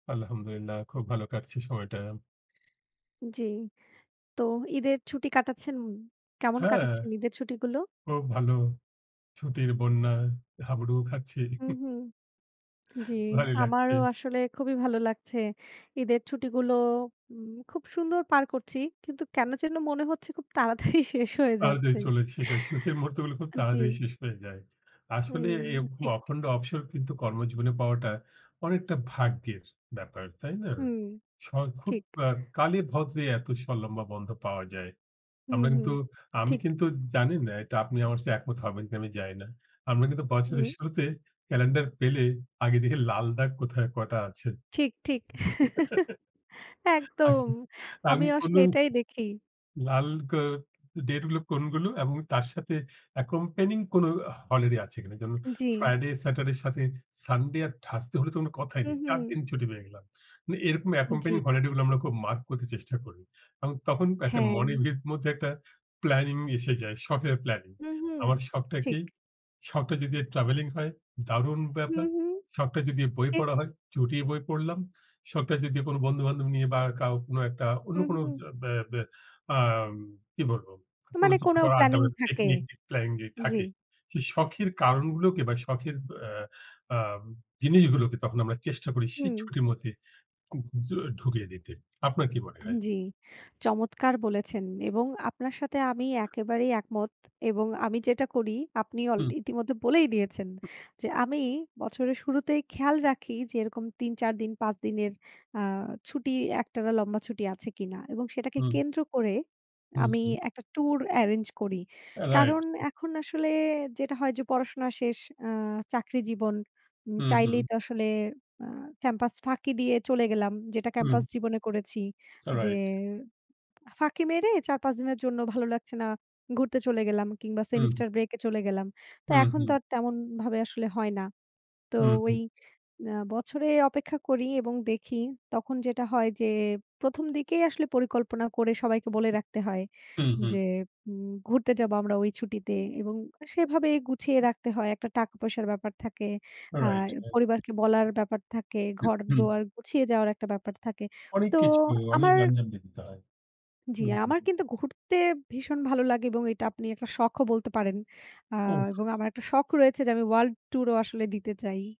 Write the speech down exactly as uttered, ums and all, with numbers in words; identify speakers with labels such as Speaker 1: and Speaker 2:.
Speaker 1: আলহামদুলিল্লাহ খুব ভালো কাটছে সময়টা।
Speaker 2: জি, তো ঈদের ছুটি কাটাচ্ছেন। কেমন
Speaker 1: হ্যাঁ।
Speaker 2: কাটাচ্ছেন ঈদের ছুটি গুলো?
Speaker 1: খুব ভালো, ছুটির বন্যায় হাবুডুবু খাচ্ছি
Speaker 2: হু, হু, জি
Speaker 1: ভালোই লাগছে।
Speaker 2: আমারও আসলে খুবই ভালো লাগছে। ঈদের ছুটিগুলো। উম খুব সুন্দর পার করছি। কিন্তু কেন যেন মনে হচ্ছে খুব তাড়াতাড়ি শেষ হয়ে
Speaker 1: তাড়াতাড়ি
Speaker 2: যাচ্ছে।
Speaker 1: চলে, শেষ হয়। সুখের মুহুর্তগুলো খুব
Speaker 2: আ জি।
Speaker 1: তাড়াতাড়ি শেষ হয়ে যায়। আসলে
Speaker 2: হুম,
Speaker 1: এরকম
Speaker 2: ঠিক।
Speaker 1: অখণ্ড অবসর কিন্তু কর্মজীবনে পাওয়াটা অনেকটা ভাগ্যের ব্যাপার, তাই না?
Speaker 2: হুম,
Speaker 1: স অ্যা খুব
Speaker 2: ঠিক।
Speaker 1: আ কালে ভদ্রে এত স লম্বা বন্ধ পাওয়া যায়।
Speaker 2: হুম,
Speaker 1: আমরা
Speaker 2: হুম।
Speaker 1: কিন্তু আমি
Speaker 2: ঠিক।
Speaker 1: কিন্তু জানি না এটা আপনি আমার চেয়ে একমত হবেন কি না আমি জানি না। আমরা কিন্তু বছরের
Speaker 2: হু।
Speaker 1: শুরুতে ক্যালেন্ডার পেলে আগে দেখি লাল দাগ কোথায় কটা আছে।
Speaker 2: ঠিক, ঠিক।
Speaker 1: আ
Speaker 2: একদম, আমি
Speaker 1: আমি
Speaker 2: আসলে
Speaker 1: কোনো
Speaker 2: এটাই দেখি।
Speaker 1: লাল গা ডেটগুলো কোনগুলো এবং তার সাথে অ্যাকোম্প্যানিং কোনো হলিডে আছে কিনা। যেমন
Speaker 2: জি।
Speaker 1: ফ্রাইডে স্যাটারডের সাথে সানডে আর থার্সডে হলে তো কোনো কথাই
Speaker 2: হু,
Speaker 1: নেই। চার
Speaker 2: হু।
Speaker 1: দিন ছুটি পেয়ে গেলাম। মানে এরকম অ্যাকোম্প্যানিং
Speaker 2: জি।
Speaker 1: হলিডে গুলো আমরা খুব মার্ক করতে চেষ্টা করি। এবং তখন একটা মনের
Speaker 2: হ্যাঁ।
Speaker 1: ভেত মধ্যে একটা প্ল্যানিং এসে যায়। শখের প্ল্যানিং।
Speaker 2: হু, হু,
Speaker 1: আমার শখটা কি
Speaker 2: ঠিক।
Speaker 1: শখটা যদি ট্রাভেলিং হয়। দারুন
Speaker 2: হু,
Speaker 1: ব্যাপার।
Speaker 2: হু,
Speaker 1: শখটা যদি বই
Speaker 2: ঠিক।
Speaker 1: পড়া হয় চুটিয়ে বই পড়লাম। শখটা যদি কোনো বন্ধু-বান্ধব নিয়ে বা কাও কোনো একটা অন্য
Speaker 2: হুম,
Speaker 1: কোনো
Speaker 2: হুম।
Speaker 1: বা বা আ কি বলব
Speaker 2: ত
Speaker 1: কোনো
Speaker 2: মানে
Speaker 1: কিছু
Speaker 2: কোনো
Speaker 1: করার আড্ডা
Speaker 2: প্ল্যানিং
Speaker 1: বা
Speaker 2: থাকে,
Speaker 1: টেকনিক প্ল্যানিং
Speaker 2: জি।
Speaker 1: থাকে। সেই শখের কারণগুলোকে বা শখের আ আ জিনিসগুলোকে তখন আমরা চেষ্টা করি সেই
Speaker 2: হুম।
Speaker 1: ছুটির মধ্যে য ঢুকিয়ে দিতে। আপনার কি মনে
Speaker 2: আ
Speaker 1: হয়?
Speaker 2: জি। চমৎকার বলেছেন। এবং আপনার সাথে আমি একেবারেই একমত এবং আমি যেটা করি আপনি অল
Speaker 1: হুম।
Speaker 2: ইতিমধ্যে বলেই দিয়েছেন। যে আমি বছরের শুরুতেই খেয়াল রাখি যে এরকম তিন, চার দিন, পাঁচ দিনের আ ছুটি একটানা লম্বা ছুটি আছে কিনা এবং সেটাকে
Speaker 1: হুম।
Speaker 2: কেন্দ্র করে
Speaker 1: হু,
Speaker 2: আমি
Speaker 1: হু।
Speaker 2: একটা ট্যুর এরেঞ্জ করি।
Speaker 1: রাইট।
Speaker 2: কারণ এখন আসলে যেটা হয় যে পড়াশোনা শেষ। আ চাকরি জীবন। উ
Speaker 1: হুম, হুম।
Speaker 2: চাইলেই তো আসলে আ ক্যাম্পাস ফাঁকি দিয়ে চলে গেলাম। যেটা
Speaker 1: হুম।
Speaker 2: ক্যাম্পাস জীবনে করেছি। যে
Speaker 1: রাইট।
Speaker 2: ফাঁকি মেরে চার, পাঁচ দিনের জন্য ভালো লাগছে না। ঘুরতে চলে গেলাম কিংবা
Speaker 1: হুম।
Speaker 2: সেমিস্টার ব্রেকে চলে গেলাম। তো
Speaker 1: হুম,
Speaker 2: এখন তো
Speaker 1: হুম।
Speaker 2: আর তেমনভাবে আসলে হয় না। তো
Speaker 1: হু,
Speaker 2: ওই
Speaker 1: হু।
Speaker 2: আ বছরে অপেক্ষা করি এবং দেখি। তখন যেটা হয় যে প্রথম দিকেই আসলে পরিকল্পনা করে সবাইকে বলে রাখতে হয়
Speaker 1: হুম, হুম।
Speaker 2: যে, উম ঘুরতে যাবো আমরা ওই ছুটিতে এবং আ সেভাবেই গুছিয়ে রাখতে হয়। একটা টাকা-পয়সার ব্যাপার থাকে। আর
Speaker 1: রাইট, রাইট।
Speaker 2: পরিবারকে বলার ব্যাপার থাকে,
Speaker 1: হুম।
Speaker 2: ঘর-দুয়ার গুছিয়ে যাওয়ার একটা ব্যাপার থাকে।
Speaker 1: অনেক
Speaker 2: তো
Speaker 1: কিছু অনেক
Speaker 2: আমার
Speaker 1: গ্যাঞ্জাম দেখতে হয়।
Speaker 2: জি,
Speaker 1: হু,
Speaker 2: আমার
Speaker 1: হু।
Speaker 2: কিন্তু ঘুরতে ভীষণ ভালো লাগে এবং এটা আপনি একটা শখও বলতে পারেন। আ এবং
Speaker 1: হুস
Speaker 2: আমার একটা শখ রয়েছে যে আমি ওয়ার্লড ট্যুরও আসলে দিতে চাই।